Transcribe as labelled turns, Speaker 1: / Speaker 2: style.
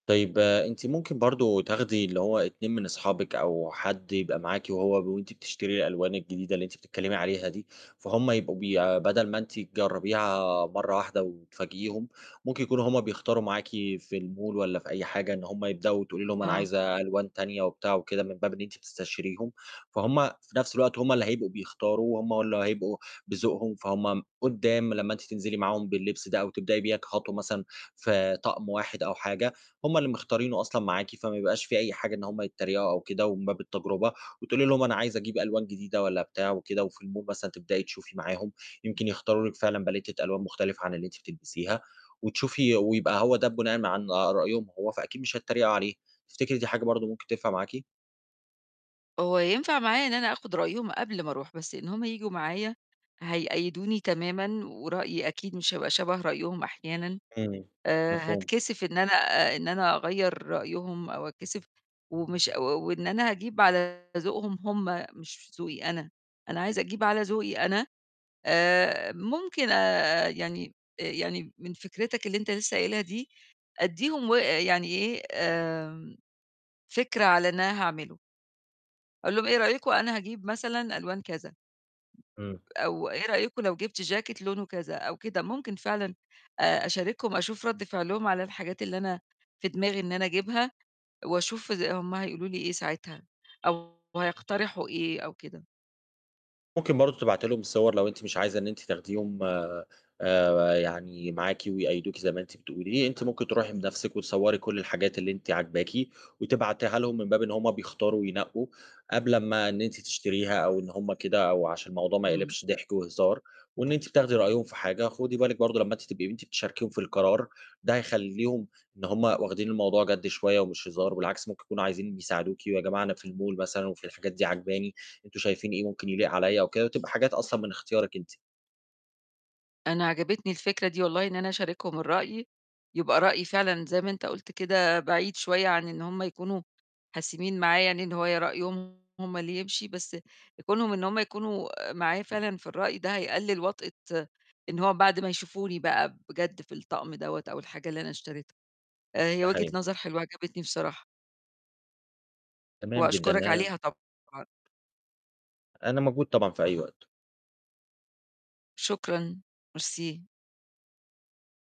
Speaker 1: طيب أنتِ ممكن برضه تاخدي اللي هو 2 من أصحابِك أو حد يبقى معاكِ وهو وأنتِ بتشتري الألوان الجديدة اللي أنتِ بتتكلمي عليها دي، فهُم يبقوا بيع بدل ما أنتِ تجربيها مرة واحدة وتفاجئيهم، ممكن يكونوا هُم بيختاروا معاكِ في الmall والّا في أي حاجة إن هُم يبدأوا، وتقولي لهم: "أنا
Speaker 2: آه.
Speaker 1: عايزة ألوان تانية." وبتاع وكده من باب إن أنتِ بتستشيريهم، فهُم في نَفْس الوقت هُم اللي هيبقوا بيختاروا، هُم اللي هيبقوا بذوقهم، فهُم قُدّام لمّا أنتِ تنزلي معاهم باللبس ده أو تبدئي بيها كخطوة مثلًا في طقم واحد أو حاجة، هُم اللي مختارينه أصلًا معاكِ، فما يبقاش في أي حاجة إن هُم يتريقوا أو كده ومن باب التجربة. وتقولي لهم: "أنا عايزة أجيب ألوان جديدة،" والّا بتاع وكده. وفي الmall مثلًا تبدئي تشوفي معاهم يمكن يختاروا لِك فعلًا باليتة ألوان مختلفة عن اللي أنتِ بتلبسيها، وتشوفي ويبقى هو ده بناءً عن رأيهم هُم فأكيد مش هيتريقوا عليه. تفتكري دي حاجة برضه ممكن تنفع معاكِ؟
Speaker 2: هو ينفع معايا إن أنا آخد رأيهم قبل ما أروح. بس إن هُم ييجوا معايا، هيقيّدوني تمامًا ورأيي أكيد مش هيبقى شَبَه رأيهم أحيانًا.
Speaker 1: امم،
Speaker 2: آآ،
Speaker 1: مفهوم.
Speaker 2: هاتكسف إن أنا إن أنا أغيّر رأيهم أو اتكسف ومش و وإن أنا هاجيب على ذوقهم هُم مش ذوقي أنا. أنا عايزة أجيب على ذوقي أنا آآ، ممكن آآ، يعني يعني من فكرتك اللي أنت لسه قايلها دي أدّيهم و يعني إيه، آمم، فكرة على اللي أنا هاعمله. أقول لهُم: "إيه رأيكم أنا هاجيب مثلًا ألوان كذا
Speaker 1: إمم.
Speaker 2: أو إيه رأيكم لو جِبت جاكيت لونه كذا أو كده." ممكن فعلًا أشاركهم، أشوف رد فعلهم على الحاجات اللي أنا في دماغي إن أنا أجيبها، وأشوف إز هُم هيقولوا لي إيه ساعتها أو هيقترحوا إيه أو كده.
Speaker 1: ممكن برضو تبعتي لهم الصور، لو أنتِ مش عايزة إن أنتِ تاخديهم آآ، آآ يعني معاكِ، ويقيّدوكِ زي ما أنتِ بتقولي. أنتِ ممكن تروحي بنَفْسِك وتصوري كُلّ الحاجات اللي أنتِ عاجباكِ، وتبعتيها لهم من باب إن هُم بيختاروا وينقّوا، قبل أما إن أنتِ تشتريها أو إن هُم كده، أو عشان الموضوع ما
Speaker 2: إمم.
Speaker 1: يقلبش ضحك وهزار وإن أنتِ بتاخدي رأيهم في حاجة. خُدي بالِك برضو لمّا أنتِ تبقي أنتِ بتشاركيهم في القرار، ده هيخلّيهم إن هُم واخدين الموضوع جَد شوية ومش هزار، بالعكس ممكن يكونوا عايزين يساعدوكِ "ويا جماعة أنا في الmall"، مثلًا، "وفي الحاجات دي عاجباني أنتم شايفين إيه ممكن يليق عليّا أو كده؟" وتبقى حاجات أصلًا من إختيارِك أنتِ.
Speaker 2: أنا عجبِتني الفكرة دي، والله إن أنا أشاركهم الرأي. يبقى رأيي فعلًا- زي ما أنت قُلت كده- بعيد شوية عن إن هُم يكونوا حاسمين معايا يعني إن هو رأيهم هُم اللي يمشي. بس كونهم إن هُم يكونوا معايا فعلًا في الرأي ده هيقلل وطأة إن هو بعد ما يشوفوني بقى بجد في الطقم دوّة أو الحاجة اللي أنا اشتريتها. هي
Speaker 1: ده
Speaker 2: وجهة
Speaker 1: حقيقي.
Speaker 2: نظر حلوة عجبِتني بصراحة.
Speaker 1: تمام جدًا
Speaker 2: وأشكرك
Speaker 1: آآ
Speaker 2: عليها طبعًا.
Speaker 1: أنا موجود طبعًا في أي وقت.
Speaker 2: شكرًا، ميرسي.